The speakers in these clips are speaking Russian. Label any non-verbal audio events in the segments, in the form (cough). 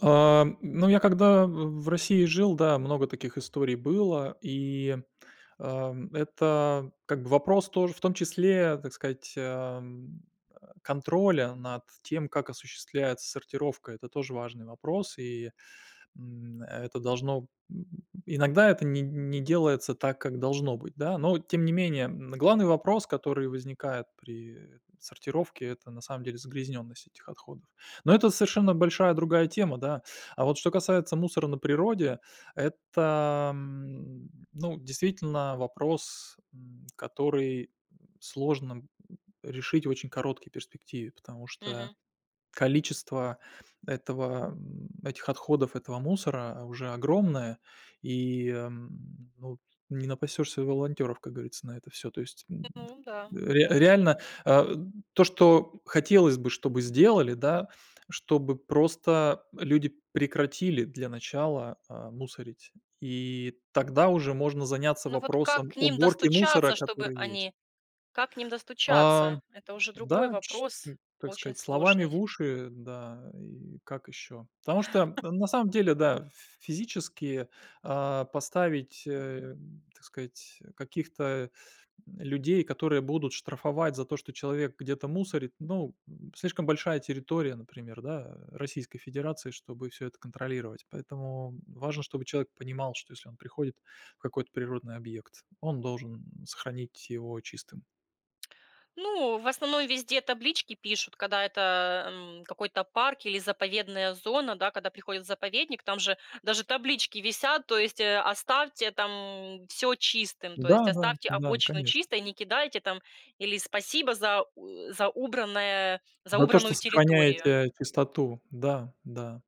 А, м, ну, я когда в в России жил, да, много таких историй было. И, ам, это как бы вопрос тоже, в том числе, так сказать, а, м, э, контроля над тем, как осуществляется сортировка. Это тоже важный вопрос, и, м, это должно м, иногда это не не делается так, как должно быть, да. Но тем не менее, м, главный вопрос, который возникает при, э, там, сортировке- это, на самом деле, загрязненность этих отходов. Но это совершенно большая другая тема, да. А вот что касается мусора на природе, это, м, ну, действительно, вопрос, м, который, м, сложно, м, решить в очень короткий перспективе. Потому что Мгм. количество этого, м, этих отходов, этого мусора уже огромное. И, м, ну, т не напасешься волонтеров, как говорится, на это всё. То есть, м, Ну, м-да, т реа да. реально, а, то, что хотелось бы, чтобы сделали, да, чтобы просто люди прекратили для начала, а, мусорить. И тогда уже можно заняться Ну, вот как вопросом к ним уборки мусора, достучаться, чтобы который есть. они как к ним А, достучаться? Это уже другой да, чь вопрос, ну, так очень сказать, словами в сложный. уши, да и как ещё. Потому что (chuckles) на самом деле, да, ф физически, а, поставить, э, так сказать, каких-то, м, людей, которые будут штрафовать за то, что человек где-то мусорит, ну, слишком большая территория, например, да, Российской Федерации, чтобы всё это контролировать. Поэтому важно, чтобы человек понимал, что если он приходит в какой-то природный объект, он должен, сохранить его чистым. Ну, в основном везде таблички пишут, когда это, м, какой-то парк или заповедная зона, да. Когда приходят в заповедник, там же даже таблички висят. То есть, э: "Оставьте там всё чистым". То есть: Да-да, "Оставьте да, обочину конечно. чистой, не кидайте там", или: "Спасибо за у за убранное за За то, что убранную территорию". сохраняете чистоту, да, да.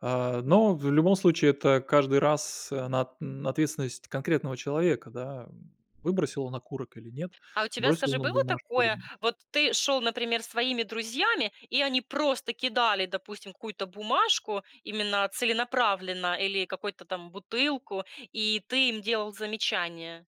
А, но в любом случае это каждый раз, она ответственность конкретного человека, да, м. Выбросил он окурок или нет, А у тебя, бросил скажи, он нам было бумажку или такое: нет. вот ты шёл, например, с своими друзьями, и они просто кидали, допустим, какую-то бумажку именно целенаправленно или какую-то там бутылку, и ты им делал замечание?